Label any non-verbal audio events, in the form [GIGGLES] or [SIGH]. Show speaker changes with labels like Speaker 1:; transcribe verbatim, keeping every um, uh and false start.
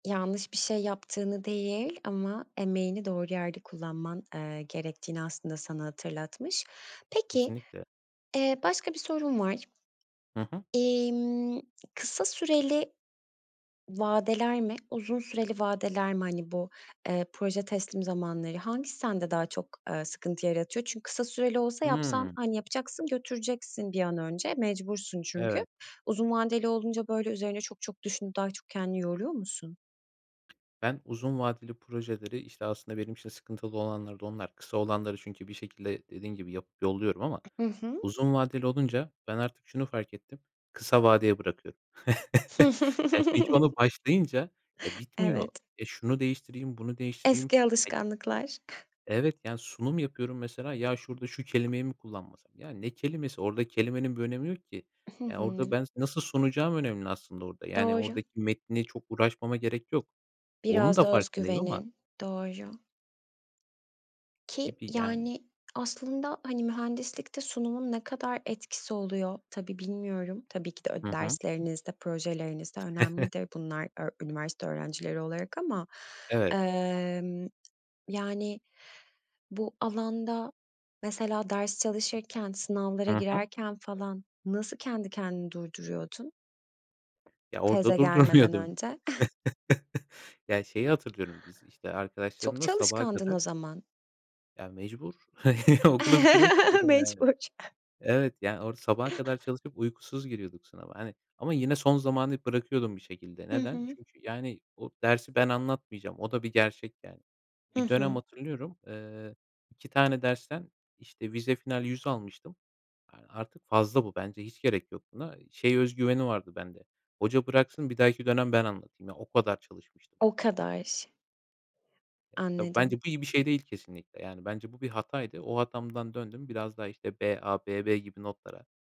Speaker 1: Yanlış bir şey yaptığını değil ama emeğini doğru yerde kullanman, eee, gerektiğini aslında sana hatırlatmış. Peki,
Speaker 2: Kesinlikle.
Speaker 1: eee, başka bir sorum var.
Speaker 2: Hı hı.
Speaker 1: İmm kısa süreli vadeler mi, uzun süreli vadeler mi, hani, bu, eee, proje teslim zamanları, hangisi sende daha çok, eee, sıkıntı yaratıyor? Çünkü kısa süreli olsa yapsan,
Speaker 2: Hı.
Speaker 1: hani, yapacaksın, götüreceksin bir an önce, mecbursun çünkü.
Speaker 2: Evet.
Speaker 1: Uzun vadeli olunca böyle üzerine çok çok düşünüp daha çok kendini yoruyor musun?
Speaker 2: Ben uzun vadeli projeleri, işte, aslında benim için sıkıntılı olanları da onlar kısa olanları çünkü bir şekilde dediğin gibi yapıp yolluyorum ama
Speaker 1: Hı hı.
Speaker 2: uzun vadeli olunca ben artık şunu fark ettim kısa vadeye bırakıyorum. [CHUCKLES] Ya, çünkü onu başlayınca, eee,
Speaker 1: [CHUCKLES]
Speaker 2: bitmiyor.
Speaker 1: Evet.
Speaker 2: Ya, şunu değiştireyim bunu değiştireyim.
Speaker 1: Eski
Speaker 2: Ya
Speaker 1: alışkanlıklar.
Speaker 2: Evet, yani, sunum yapıyorum mesela ya şurada şu kelimeyi mi kullanmasam? Ya ne kelimesi orada kelimenin bir önemi yok ki.
Speaker 1: Hı
Speaker 2: Ya
Speaker 1: hı.
Speaker 2: orada ben sa nasıl sunacağım önemli aslında orada, yani,
Speaker 1: Doğru.
Speaker 2: oradaki metni çok uğraşmama gerek yok. Onun
Speaker 1: Biraz
Speaker 2: da
Speaker 1: da
Speaker 2: farkındayım ama
Speaker 1: özgüvenin. Doğru. Ki
Speaker 2: Gibi, yani.
Speaker 1: yani aslında, hani, mühendislikte sunumun ne kadar etkisi oluyor? Tabii bilmiyorum. Tabii ki de öd
Speaker 2: Hı hı.
Speaker 1: derslerinizde, projelerinizde
Speaker 2: [CHUCKLES]
Speaker 1: önemlidir. Bunlar öğ üniversite öğrencileri olarak ama,
Speaker 2: Evet.
Speaker 1: emm, yani, bu alanda mesela ders çalışırken, sınavlara
Speaker 2: Hı hı.
Speaker 1: girerken falan nasıl kendi kendini durduruyordun?
Speaker 2: Ya orada
Speaker 1: Teze gelmeden
Speaker 2: durdurmuyordum.
Speaker 1: önce. [GIGGLES]
Speaker 2: [LAUGHS] Ya şeyi hatırlıyorum. Biz işte
Speaker 1: Çok
Speaker 2: arkadaşlarımla sabaha
Speaker 1: çalışkandın
Speaker 2: kadar
Speaker 1: o zaman.
Speaker 2: Ya, mecbur okulu bitirmek
Speaker 1: [LAUGHS]
Speaker 2: istiyordum, yani.
Speaker 1: Mecbur.
Speaker 2: Evet, yani, o sabaha kadar çalışıp uykusuz giriyorduk sınava, hani, ama yine son zamanı bırakıyordum bir şekilde.
Speaker 1: Hı
Speaker 2: Neden?
Speaker 1: hı.
Speaker 2: Çünkü, yani, o dersi ben anlatmayacağım o da bir gerçek, yani.
Speaker 1: Hı
Speaker 2: Bir dönem
Speaker 1: hı.
Speaker 2: hatırlıyorum, eee, iki tane dersten işte vize final yüz almıştım. Aaa, artık fazla bu bence hiç gerek yok buna. Şey özgüveni vardı bende hoca bıraksın bir dahaki dönem ben anlatayım ya o kadar çalışmıştım.
Speaker 1: O kadar.
Speaker 2: Eee, tabii
Speaker 1: Anladım.
Speaker 2: bence bu iyi bir şey değil kesinlikle. Yani, bence bu bir hataydı. O hatamdan döndüm biraz daha işte BA, BB gibi notlara.